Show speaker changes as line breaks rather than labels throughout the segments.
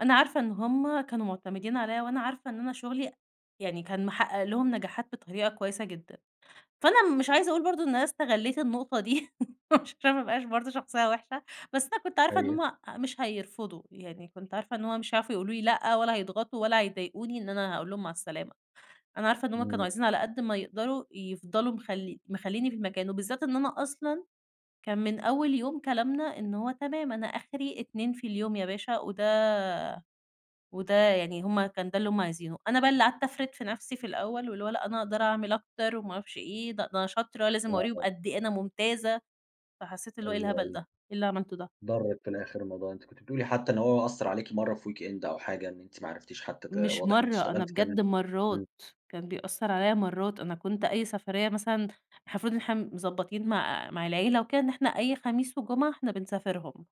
أنا عارفة إن هُم كانوا معتمدين عليَّ وأنا عارفة إن أنا شغلي يعني كان محقق لهم نجاحات بطريقة كويسة جدًا. فأنا مش عايزة أقول برضه إن أنا استغليت النقطة دي، عشان ما أبقاش برضه شخصية وحشة بس أنا كنت عارفة إن
أيوه.
هُم مش هيرفضوا، يعني كنت عارفة إن هو مش هيعرفوا يقولوا لي لأ ولا هيضغطوا ولا هيضايقوني إن أنا هاقول لهم مع السلامة، أنا عارفة إن هُم كانوا
إمم.
عايزين على قد ما يقدروا يفضلوا مخل مخلّيينني في المكان. وبالذات إن أنا أصلًا كان من أول يوم كلامنا إن هو تمام، أنا آخري 2 في اليوم يا باشا وده وده يعني هُم كان ده اللي هُم عايزينه، أنا بقى اللي قعدت أفرد نفسي في الأول واللي هو لأ أنا أقدر أعمل أكتر وما أعرفش إيه، د ده أنا شاطرة، لازم أورّيهم
آه.
قد إيه أنا ممتازة، فحسيت اللي هو إيه
أيوه،
الهبل ده؟!
أيوه.
إيه اللي عملته ده؟
ضرِّك في الآخر الموضوع، أنتِ كنتِ بتقولي حتى إن هو أثّر عليكِ مرّة في weekend أو حاجة إن أنتِ ما عرفتيش حتى ت
مش
واضح إن أنتِ
مرّة، أنا
أشتغلتي كام يوم،
بجد
إمم.
مرّات، كان بيأثر عليَّ مرّات، أنا كنت أي سفرية مثلًا إحنا المفروض إن إحنا مضبطين مع مع العيلة وكده إن إحنا أي خميس وجمعة إحنا بنسافرهم،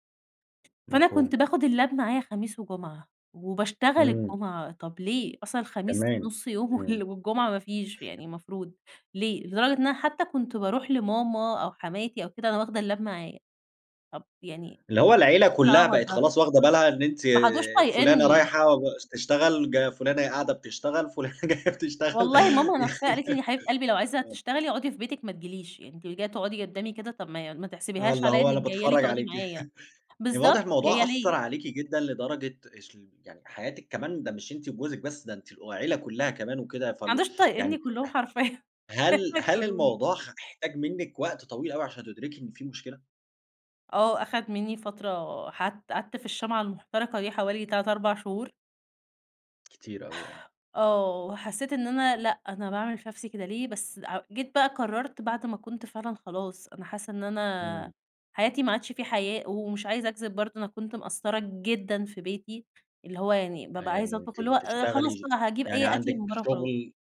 فأنا كنت
مفهوم.
باخد اللاب معايا خميس وجمعة وباشتغل
إمم.
الجمعة، طب ليه؟ أصلًا الخميس
تمام،
نص يوم
إمم.
وال والجمعة ما فيش يعني المفروض، ليه؟ لدرجة إن أنا حتى كنت باروح لماما أو حماتي أو كده وأنا واخدة اللاب معايا. طب يعني
اللي هو العيلة
إيه
كلّها
العبط
بقت
ده؟
خلاص، واخدة بالها إن أنتِ
ما عادوش
فلانة
طايقينني.
رايحة ب ش تشتغل ج فلانة قاعدة بتشتغل، فلانة جاية بتشتغل.
والله ماما نفسها قالت لي: "يا حبيبة قلبي، لو
[unintelligible]
عايزة
آه.
تشتغلي اقعدي في بيتِك ما تجيليش، يعني أنتِ جاية تقعدي قدامي كده طب ما ما
آه،
تحسبيهاش
اللي
على
هو
إنك
أنا
جاية لي
باتفرج
تقعدي
عليكِ.
معايا."
يعني واضح
بالضبط، جاية
الموضوع أثّر
ليه؟
عليكِ جدًا لدرجة اسل يعني حياتِك كمان ده، مش أنتِ وجوزِك بس ده أنتِ و العيلة كلّها كمان وكده،
ما
فالو
عادوش طايقينني
يعني
كلّهم حرفيًا،
ه
كانوا
هل هل
هيطردوني.
الموضوع خ احتاج منِك وقت طويل أوي، عشان تدركي إن في مشكلة؟
آه، أخد منّي فترة ح قعدت في الشمعة المحترقة دي حوالي 3، 4 شهور.
كتير أوي آه.
آه وحسّيت إن أنا لأ، أنا باعمل في نفسي كده ليه؟ بس هأ جيت بقى قررت بعد ما كنت فعلًا خلاص، أنا حاسة إن
إمم.
أنا حياتي ما عادش في حياة، ومش عايزة أكذب برضه أنا كنت مقصرة جدًا في بيتي، اللي هو يعني
آه
بابقى عايزة
يعني
أطبخ
أنتِ
اللي هو آآ، خلاص
بتشتغلي ش
بقى هاجيب
يعني
أي أكل
عندِك
من برّه وخلاص.
شغل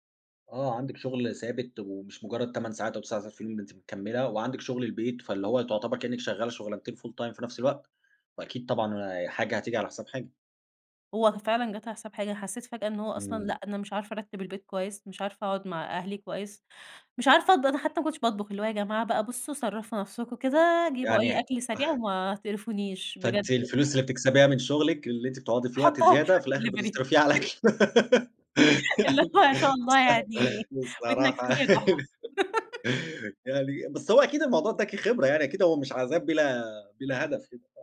آه، عندِك شغل ثابت ومش مجرد 8 ساعات أو 9 ساعات في اليوم، ده أنتِ مكملة وعندِك شغل البيت فاللي هو تعتبر كأنِك شغالة شغلانتين full time في نفس الوقت، وأكيد طبعًا حاجة هتيجي على حساب حاجة.
هو ف فعلًا جات على حساب حاجة، أنا حسيت فجأة إن هو أصلًا
إمم.
لأ، أنا مش عارفة أرتِب البيت كويس، مش عارفة أقعد مع أهلي كويس، مش عارفة أطب أنا حتى ما كنتش باطبخ، اللي هو "يا جماعة بقى بُصوا صرّفوا نفسكم كده، جيبوا
يعني
أي
ه
أكل سريع وما تقرفونيش." بجد
فأنتِ
يع
الفلوس اللي بتكسبيها من شغلِك، اللي أنتِ بتقعدي في الوقت
أحُطها في
زيادة في
أي
الآخر
دليفري.
بتصرفيها، على الأكل
اللي
يعني
هو ما شاء الله يعني
بص
ودنك
بصراحة
منين يا جحا.
يعني بس هو أكيد الموضوع اداكِ خبرة، يعني أكيد هو مش عذاب بلا بلا هدف كده، صح؟